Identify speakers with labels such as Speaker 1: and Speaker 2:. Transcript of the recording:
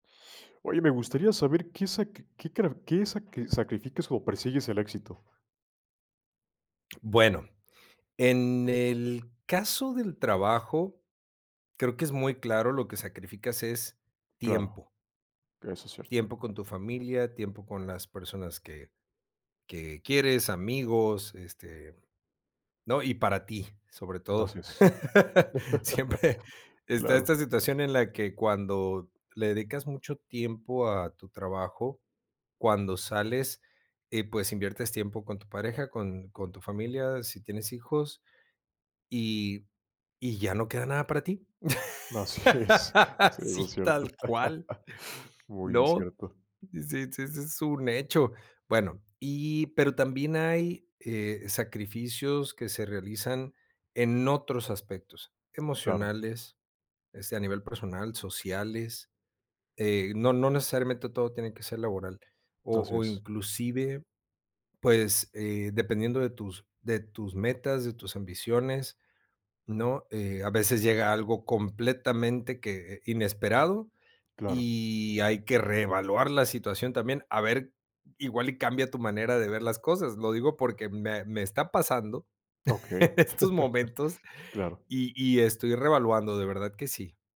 Speaker 1: Oye, me gustaría saber ¿qué sac qué carar qué sac qué sacrificas o persigues el éxito?
Speaker 2: Bueno, en el caso del trabajo, creo que es muy claro, lo que sacrificas es
Speaker 1: Claro.
Speaker 2: tiempo
Speaker 1: Eso es cierto.
Speaker 2: tiempo con tu familia, tiempo con las personas que que quieres, amigos, este, ¿no? Y para ti, sobre todo.
Speaker 1: Así es.
Speaker 2: Siempre está
Speaker 1: Claro.
Speaker 2: esta situación en la que cuando le dedicas mucho tiempo a tu trabajo, cuando sales, eh, pues, inviertes tiempo con tu pareja, con con tu familia, si tienes hijos, y y ya no queda nada para ti.
Speaker 1: Así es, sí, eso es
Speaker 2: Sí,
Speaker 1: cierto.
Speaker 2: tal cual,
Speaker 1: Muy
Speaker 2: ¿no?
Speaker 1: cierto.
Speaker 2: Sí sí ese es un hecho. Bueno, y pero también hay, eh, sacrificios que se realizan en otros aspectos,
Speaker 1: Claro.
Speaker 2: emocionales, este, a nivel personal, sociales, eh, no no necesariamente todo tiene que ser laboral. O
Speaker 1: Así
Speaker 2: o
Speaker 1: es.
Speaker 2: inclusive, pues, eh, dependiendo de tus de tus metas, de tus ambiciones, ¿no? Eh, a veces llega algo completamente que eh, inesperado
Speaker 1: Claro.
Speaker 2: y hay que reevaluar la situación, también, a ver, igual y cambia tu manera de ver las cosas. Lo digo porque me me está pasando
Speaker 1: Okey,
Speaker 2: en estos momentos
Speaker 1: claro.
Speaker 2: y y estoy reevaluando, de verdad que sí.